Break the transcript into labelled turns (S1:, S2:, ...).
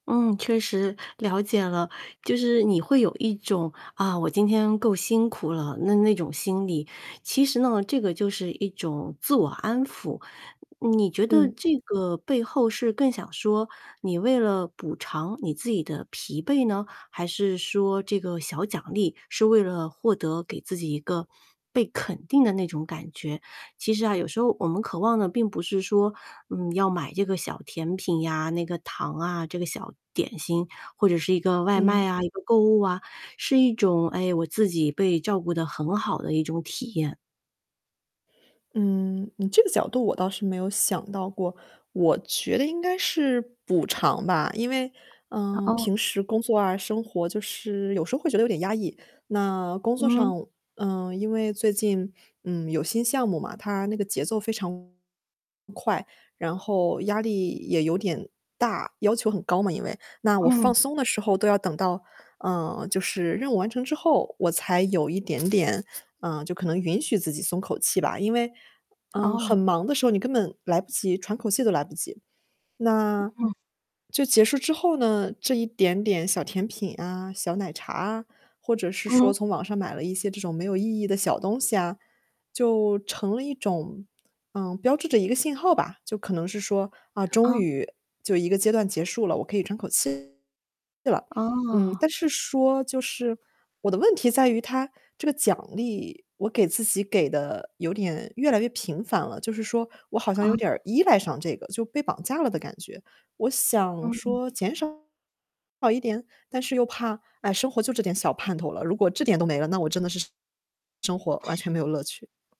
S1: 嗯，确实。了解了。就是你会有一种，“啊，我今天够辛苦了”，那那种心理。其实呢，这个就是一种自我安抚。你觉得
S2: 嗯。
S1: 这个背后是更想说你为了补偿你自己的疲惫呢？还是说这个小奖励是为了获得给自己一个被肯定的那种感觉？其实啊，有时候我们渴望的并不是说，嗯，要买这个小甜品呀，那个糖啊，这个小点心或者是一个外
S2: 嗯。
S1: 卖啊，一个购物啊，是一种，哎，我自己被照顾得很好的一种体验。
S2: 嗯，你这个角度我倒是没有想到过，我觉得应该是补偿吧。因为，
S1: 哦
S2: 呃，
S1: 哦。
S2: 平时工作啊，生活就是有时候会觉得有点压抑。那工作
S1: 嗯。
S2: 上，呃，因为最近，嗯，有新项目嘛，它那个节奏非常快，然后压力也有点大，要求很高嘛，因为。那我
S1: 嗯。
S2: 放松的时候都要等到，嗯，就是任务完成之后我才有一点点，嗯，就可能允许自己松口气吧。因为，嗯，
S1: 哦。
S2: 很忙的时候你根本来不及喘口气都来不及。那
S1: 嗯。
S2: 就结束之后呢，这一点点小甜品啊、小奶茶啊，或者是
S1: 嗯。
S2: 说从网上买了一些这种没有意义的小东西啊，就成了一种呃，标志着一个信号吧。就可能是说，啊，终
S1: 嗯。
S2: 于，就一个阶段结束了，我可以喘口气了。嗯，
S1: 哦。
S2: 但是说就是，我的问题在于它这个奖励，我给自己给得有点越来越频繁了。就是说我好像有
S1: 哦。
S2: 点儿依赖上这个，就被绑架了的感觉。我想
S1: 嗯。
S2: 说减少一点，但是又怕，唉，生活就这点小盼头了，如果这点都没了，那我真的是生活完全没有乐趣。